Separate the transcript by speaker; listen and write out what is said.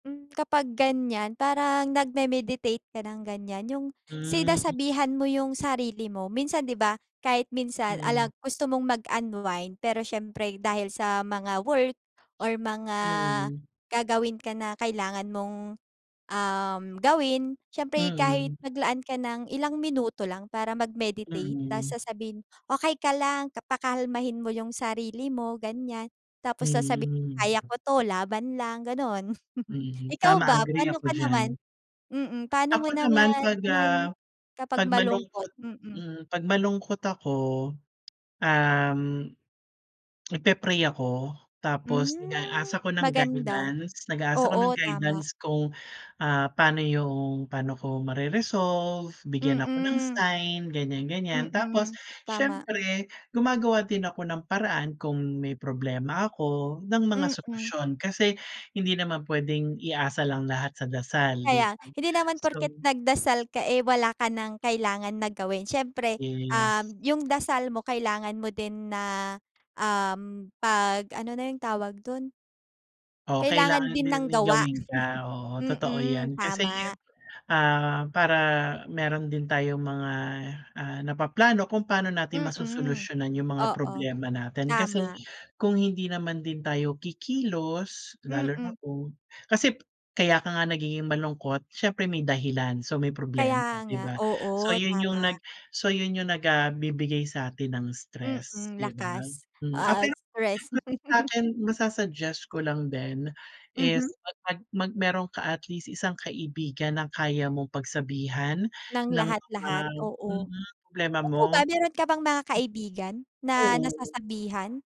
Speaker 1: Hmm, kapag ganyan parang nagme-meditate ka ng ganyan yung
Speaker 2: Hmm.
Speaker 1: sinasabihan mo yung sarili mo. Minsan 'di ba, kahit minsan
Speaker 2: Mhm.
Speaker 1: alag gusto mong mag-unwind pero siyempre dahil sa mga work or mga
Speaker 2: Mhm.
Speaker 1: gagawin ka na kailangan mong, uhm, gawin siyempre kahit
Speaker 2: Mhm.
Speaker 1: maglaan ka ng ilang minuto lang para mag-meditate ta's
Speaker 2: Mhm.
Speaker 1: sasabihin, "Okey ka lang," ka pakalmahin mo yung sarili mo, ganiyan. Tapos sasabihin, "kaya
Speaker 2: Mhm.
Speaker 1: ko 'to, laban lang," ganon.
Speaker 2: Mhm,
Speaker 1: Ikaw
Speaker 2: tama
Speaker 1: ba
Speaker 2: agree
Speaker 1: pano
Speaker 2: ako
Speaker 1: ka
Speaker 2: diyan.
Speaker 1: naman mm pano mo
Speaker 2: Ako naman
Speaker 1: naman
Speaker 2: 'pag,
Speaker 1: ano man
Speaker 2: ah,
Speaker 1: kapag
Speaker 2: 'pag
Speaker 1: malungkot?
Speaker 2: malungkot
Speaker 1: Mm.
Speaker 2: mm 'pag malungkot ako, uhm, nagpe-pray ako tapos nag-a-ask
Speaker 1: Hmm,
Speaker 2: ako ng
Speaker 1: maganda.
Speaker 2: guidance, nag-a-ask ako ng
Speaker 1: Oo, tama.
Speaker 2: guidance kung, ah pano yung paano ko mare-resolve, bigyan ako ng
Speaker 1: Mm.
Speaker 2: sign ganiyan-ganiyan. Tapos
Speaker 1: Mm, tama.
Speaker 2: siyempre, gumagawa din ako ng paraan kung may problema ako ng mga
Speaker 1: Mm.
Speaker 2: solusyon kasi hindi naman puwedeng iasa lang lahat sa dasal di
Speaker 1: Kaya
Speaker 2: ba?
Speaker 1: hindi naman porket
Speaker 2: So
Speaker 1: nagdasal ka, eh wala ka ng kailangan na gawin siyempre,
Speaker 2: Yes.
Speaker 1: uhm, yung dasal mo kailangan mo din na uhm, 'pag ano na yung tawag dun
Speaker 2: Oh,
Speaker 1: kailangan
Speaker 2: kailangan
Speaker 1: din
Speaker 2: din
Speaker 1: ng
Speaker 2: may
Speaker 1: gawa.
Speaker 2: gawin ka, oo totoo
Speaker 1: Mm,
Speaker 2: yan kasi,
Speaker 1: tama.
Speaker 2: ah para meron din tayong mga, ah napaplano kung paano natin
Speaker 1: Mm,
Speaker 2: masosolusyunan yung mga
Speaker 1: oo
Speaker 2: problema natin. Kasi
Speaker 1: tama.
Speaker 2: kung hindi naman din tayo kikilos lalo
Speaker 1: Mm.
Speaker 2: na kung kasi kaya ka nga nagiging malungkot siyempre may dahilan so, may problemam,
Speaker 1: Kaya
Speaker 2: di
Speaker 1: nga,
Speaker 2: ba? So,
Speaker 1: oo
Speaker 2: yon
Speaker 1: tama.
Speaker 2: yung nag so yon yung nag ah bibigay sa atin ng stress
Speaker 1: Mm,
Speaker 2: di ba?
Speaker 1: lakas.
Speaker 2: Hmm, ah
Speaker 1: Ah,
Speaker 2: pero [unintelligible]
Speaker 1: express.
Speaker 2: sakin masa-suggest ko lang din is
Speaker 1: Mhm.
Speaker 2: mag-ano, mag meron ka at least isang kaibigan ng kaya mong pagsabihan
Speaker 1: Ng
Speaker 2: ng mga
Speaker 1: lahat-lahat, oo.
Speaker 2: mm problema
Speaker 1: Ikaw
Speaker 2: mo.
Speaker 1: ba mayron ka bang mga kaibigan na
Speaker 2: Oo.
Speaker 1: nasasabihan?